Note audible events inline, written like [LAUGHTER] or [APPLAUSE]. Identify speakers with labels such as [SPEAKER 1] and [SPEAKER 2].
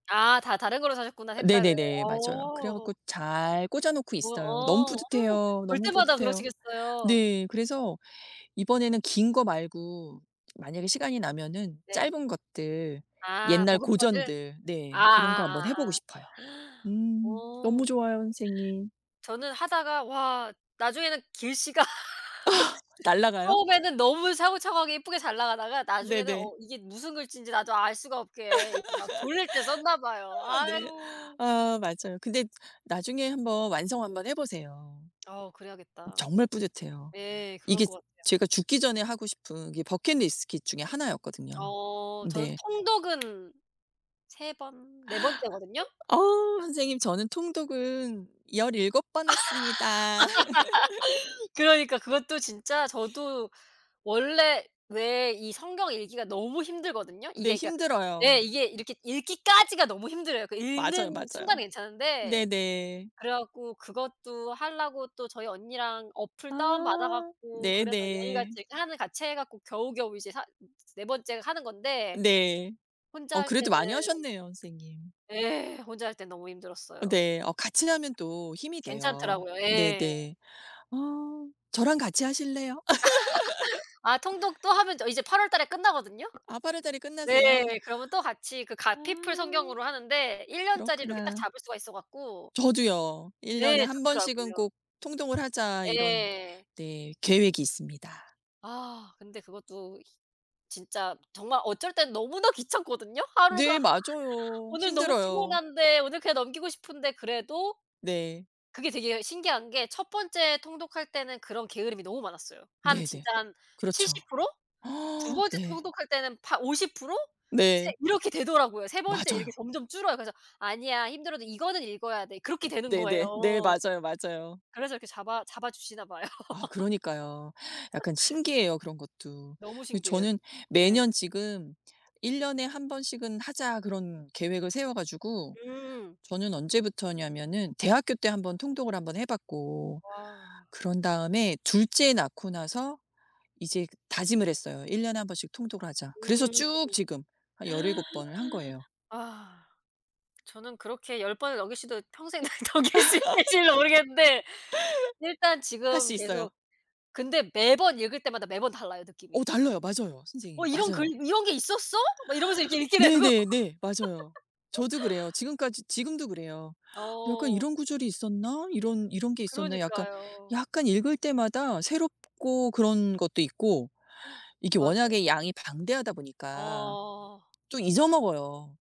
[SPEAKER 1] 아. 다 다른 거로 사셨구나
[SPEAKER 2] 어
[SPEAKER 1] 색깔을.
[SPEAKER 2] 네네네. 맞아요. 그래
[SPEAKER 1] 어.
[SPEAKER 2] 갖고 잘 꽂아 놓고
[SPEAKER 1] 뭐야
[SPEAKER 2] 있어요. 너무
[SPEAKER 1] 어.
[SPEAKER 2] 뿌듯해요.
[SPEAKER 1] 볼
[SPEAKER 2] 너무
[SPEAKER 1] 때마다
[SPEAKER 2] 뿌듯해요.
[SPEAKER 1] 그러시겠어요.
[SPEAKER 2] 네. 그래서 이번에는 긴 거 말고 만약에 시간이 나면은
[SPEAKER 1] 네.
[SPEAKER 2] 짧은 것들
[SPEAKER 1] 아
[SPEAKER 2] 옛날
[SPEAKER 1] 복음서들?
[SPEAKER 2] 고전들 네. 그런 거 한번 해 보고
[SPEAKER 1] 아아아아.
[SPEAKER 2] 싶어요.
[SPEAKER 1] [GASPS]
[SPEAKER 2] 음 너무
[SPEAKER 1] 어.
[SPEAKER 2] 좋아요 선생님.
[SPEAKER 1] 저는 하다가 와 나중에는 글씨가
[SPEAKER 2] 아.
[SPEAKER 1] [LAUGHS]
[SPEAKER 2] 날아가요?
[SPEAKER 1] 처음에는 너무 차곡차곡하게 이쁘게 잘 나가다가 나중에는
[SPEAKER 2] 네네.
[SPEAKER 1] 어 이게 무슨 글씨인지 나도 알 수가 없게 이게 막 졸릴 때 썼나 봐요.
[SPEAKER 2] [LAUGHS] 아 네.
[SPEAKER 1] 아유.
[SPEAKER 2] 아 맞아요. 근데 나중에 한번 완성
[SPEAKER 1] 네.
[SPEAKER 2] 한번 해 보세요.
[SPEAKER 1] 어 그래야겠다.
[SPEAKER 2] 정말 뿌듯해요.
[SPEAKER 1] 예 그럴
[SPEAKER 2] 이게
[SPEAKER 1] 것 같아요.
[SPEAKER 2] 제가 죽기 전에 하고 싶은 게 버킷 리스트 중에 1 였거든요.
[SPEAKER 1] 어. 저는
[SPEAKER 2] 네.
[SPEAKER 1] 통독은 3 번 4 번째거든요.
[SPEAKER 2] 어. 선생님 저는 통독은 17 번 했습니다. [LAUGHS]
[SPEAKER 1] [LAUGHS] 그러니까 그것도 진짜 저도 원래 왜 이 성경 읽기가 너무 힘들거든요.
[SPEAKER 2] 네
[SPEAKER 1] 이게 그러니까 네
[SPEAKER 2] 힘들어요.
[SPEAKER 1] 이게 이렇게 읽기까지가 너무 힘들어요. 그
[SPEAKER 2] 맞아요,
[SPEAKER 1] 읽는
[SPEAKER 2] 맞아요.
[SPEAKER 1] 순간은 괜찮은데
[SPEAKER 2] 네네.
[SPEAKER 1] 그래 갖고 그것도 하려고 또 저희 언니랑 앱 다운 받아
[SPEAKER 2] 아
[SPEAKER 1] 갖고 그래서 매일
[SPEAKER 2] 네네.
[SPEAKER 1] 같이 하면 같이 해 갖고 겨우겨우 이제 4 으 4 번째 하는 건데
[SPEAKER 2] 네.
[SPEAKER 1] 혼자
[SPEAKER 2] 어
[SPEAKER 1] 할
[SPEAKER 2] 그래도
[SPEAKER 1] 때는
[SPEAKER 2] 많이 하셨네요 선생님.
[SPEAKER 1] 예. 혼자 할 때는 너무
[SPEAKER 2] 어
[SPEAKER 1] 힘들었어요.
[SPEAKER 2] 네. 어 같이 하면 또 힘이 돼요.
[SPEAKER 1] 괜찮더라고요. 예.
[SPEAKER 2] 네네. 아. 저랑 같이 하실래요?
[SPEAKER 1] [LAUGHS] 아
[SPEAKER 2] [LAUGHS]
[SPEAKER 1] 통독 또 하면 저 이제 8 월달에 끝나거든요?
[SPEAKER 2] 아 8 월달에
[SPEAKER 1] 네
[SPEAKER 2] 끝나세요?
[SPEAKER 1] 그러면 또 같이 그 갓피플
[SPEAKER 2] 아.
[SPEAKER 1] 성경으로 하는데 1 년짜리를 이렇게 딱
[SPEAKER 2] 그렇구나.
[SPEAKER 1] 잡을 수가 있어 갖고
[SPEAKER 2] 저도요. '1 년에
[SPEAKER 1] 네.
[SPEAKER 2] 1 번씩은
[SPEAKER 1] 좋더라고요.
[SPEAKER 2] 꼭 통독을 하자.' 이런
[SPEAKER 1] 예.
[SPEAKER 2] 네 계획이 있습니다.
[SPEAKER 1] 아 근데 그것도 힛 진짜 정말 어쩔 땐 너무나 귀찮거든요. 하루가
[SPEAKER 2] 네 맞아요.
[SPEAKER 1] 오늘 너무
[SPEAKER 2] 힘들어요.
[SPEAKER 1] 피곤한데 오늘 그냥 넘기고 싶은데 그래도
[SPEAKER 2] 네.
[SPEAKER 1] 그게 되게 예 신기한 게 1 번째 통독할 때는 그런 게으름이 너무 많았어요. 한
[SPEAKER 2] 네네.
[SPEAKER 1] 진짜 한
[SPEAKER 2] 그렇죠.
[SPEAKER 1] 70% 2
[SPEAKER 2] [GASPS]
[SPEAKER 1] 번째
[SPEAKER 2] 네.
[SPEAKER 1] 통독할 때는 8 50% 세
[SPEAKER 2] 네.
[SPEAKER 1] 이렇게 되더라고요. 3 번째 이렇게
[SPEAKER 2] 맞아요.
[SPEAKER 1] 점점 줄어요. 그래서 "아니야 힘들어도 이거는 읽어야 돼." 그렇게 되는
[SPEAKER 2] 네네 네.
[SPEAKER 1] 거예요.
[SPEAKER 2] 맞아요, 맞아요.
[SPEAKER 1] 그래서 이렇게 잡아 잡아 주시나 봐요.
[SPEAKER 2] 아
[SPEAKER 1] [LAUGHS]
[SPEAKER 2] 그러니까요. 약간 신기해요 그런 것도.
[SPEAKER 1] 너무
[SPEAKER 2] 예
[SPEAKER 1] 신기해요
[SPEAKER 2] 저는
[SPEAKER 1] 진짜. 네.
[SPEAKER 2] 매년 지금 '1 년에 1 번씩은 하자.' 그런 계획을 세워 가지고
[SPEAKER 1] 음.
[SPEAKER 2] 저는 언제부터였냐면은 대학교 때 1 번 통독을 1 번 해 봤고
[SPEAKER 1] 와.
[SPEAKER 2] 그런 다음에 2 째 낳고 나서 이제 다짐을 했어요. '1 년에 1 번씩 통독을 하자.' 그래서
[SPEAKER 1] 음. [GASPS]
[SPEAKER 2] 쭉 지금 한 17 번을 한 거예요.
[SPEAKER 1] 아. 저는 그렇게 10 번을 넘길 수도 평생 넘길 수 있을지도 모르겠는데 일단
[SPEAKER 2] [LAUGHS] 할
[SPEAKER 1] 지금
[SPEAKER 2] 수 있어요.
[SPEAKER 1] 계속 근데 매번 읽을 때마다 매번 달라요
[SPEAKER 2] 어
[SPEAKER 1] 느낌이.
[SPEAKER 2] 달라요. 맞아요
[SPEAKER 1] 어
[SPEAKER 2] 선생님.
[SPEAKER 1] 이런 글
[SPEAKER 2] 맞아요.
[SPEAKER 1] "이런 게 있었어?" 막 이러면서 이렇게 읽게 되고.
[SPEAKER 2] 네네네. 맞아요. 저도
[SPEAKER 1] [LAUGHS]
[SPEAKER 2] 그래요. 지금까지 지금도 그래요. 약간
[SPEAKER 1] 어.
[SPEAKER 2] '이런 구절이 있었나? 이런 이런 게 있었나?' 약간
[SPEAKER 1] 그러니까요.
[SPEAKER 2] 약간 읽을 때마다 새롭고 그런 것도 있고
[SPEAKER 1] [GASPS]
[SPEAKER 2] 이게
[SPEAKER 1] 맞아요.
[SPEAKER 2] 워낙에 양이 방대하다 보니까
[SPEAKER 1] 어.
[SPEAKER 2] 또 잊어 먹어요.